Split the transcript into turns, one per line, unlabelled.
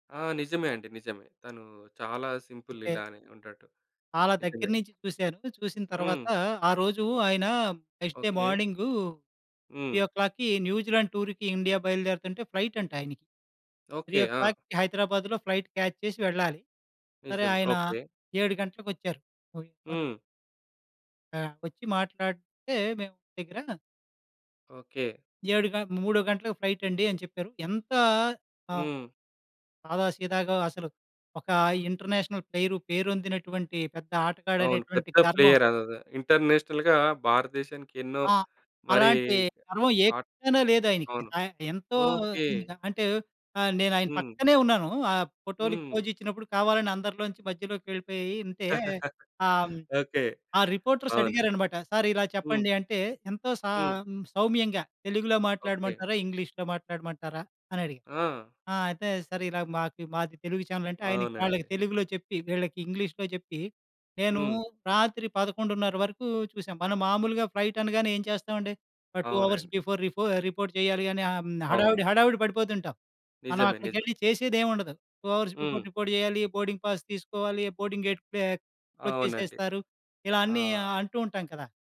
ఆ! నిజమే అండి. నిజమే. తను చాలా సింపుల్
అంటే
ఇలానే ఉంటాడు.
చాలా దగ్గర
నిజమే.
నుంచి చూసాను. చూసిన తరువాత,
హ్మ్.
ఆ రోజూ ఆయన first day
okay.
Morning three
hmm.
ఓ క్లాక్‌కి న్యూజిలాండ్ టూర్‌కి, ఇండియా బయలుదేరుతుంటే ఫ్లైట్ అంట ఆయనకి. Three
okay.
ఓ
ఆ!
క్లాక్‌కి హైదరాబాద్‌లో ఫ్లైట్ క్యాచ్ చేసి వెళ్ళాలి. సరే.
నిజం.
ఆయనా
ఓకే.
7 గంటలకొచ్చారు. ఓహ్! ఈ మన
హ్మ్.
ఆ! వచ్చి మాట్లాడితే మేమ్ దగ్గర
ఓకే.
7 గ 3 గంటలకు ఫైటండి, అని చెప్పారు. ఎంతా ఆ!
హ్మ్.
సాదా సీదాగా అసలు ఒక ఇంటర్నేషనల్ ప్లేయరు. పేరొందినటువంటి పెద్ద
అవును.
ఆటగాడనేటువంటి
పెద్ద
గర్వం
ప్లేయర్. అదద ఇంటర్నేషనల్‌గా భారతదేశానికి, ఎన్నో
ఆ!
మరీ
అలాంటి గర్వం ఏ
ఆట్
కోశానా లేదాయనకి.
అవును.
ఆయన ఎంతో
ఓకే.
నిజంగా అంటే, ఆహ్, నేనాయన
హ్మ్.
పక్కనే ఉన్నాను. ఆ ఫోటోలుకి
హ్మ్.
పోజిచ్చినప్పుడు, కావాలని అందరిలోంచి మధ్యలోకెళ్ళిపోయి ఇంతే ఆ! హ్మ్,
ఓకే.
ఆ
అవును.
రిపోర్టర్సడిగారనమాట. సారిలా
హ్మ్.
చెప్పండి అంటే, ఎంతో సా
హ్మ్.
హ్మ్, సౌమ్యంగా తెలుగులో
ఓకే.
మాట్లాడమంటారా? ఇంగ్లీష్‌లో మాట్లాడమంటారా? అని అడిగారు.
ఆ!
ఆ! అయితే, సరే. ఇలాగ మాకు మాది తెలుగు ఛానెలంటే, ఆయనకి వాళ్ళకి
అవునండి.
తెలుగులో చెప్పి, వీళ్ళకి ఇంగ్లీష్‌లో చెప్పి, నేను
హ్మ్.
రాత్రి 11:30 వరకు చూసాం. మనం మామూలుగా ఫ్లైటనగానే ఏం చేస్తావండి? ఆ 2 అవర్స్
అవునండి.
బిఫోర్ రిపో రిపోర్ట్ చేయాలి అని, ఆహ్, హ్మ్.
అవును.
హడావిడి, హడావిడి పడిపోతుంటాం.
నిజమే. నిజమే.
మనవక్కడికెళ్ళి చేసేదేం ఉండదు. 2 అవర్స్
హ్మ్.
బిఫోర్ రిపోర్ట్ చెయ్యాలి. బోర్డింగ్ పాస్ తీసుకోవాలి. బోర్డింగ్ గేట్ పే క్లోజ్
అవునండి.
చేసేస్తారు. ఇలా
ఆ!
అన్నీ అంటూ ఉంటాం కదా!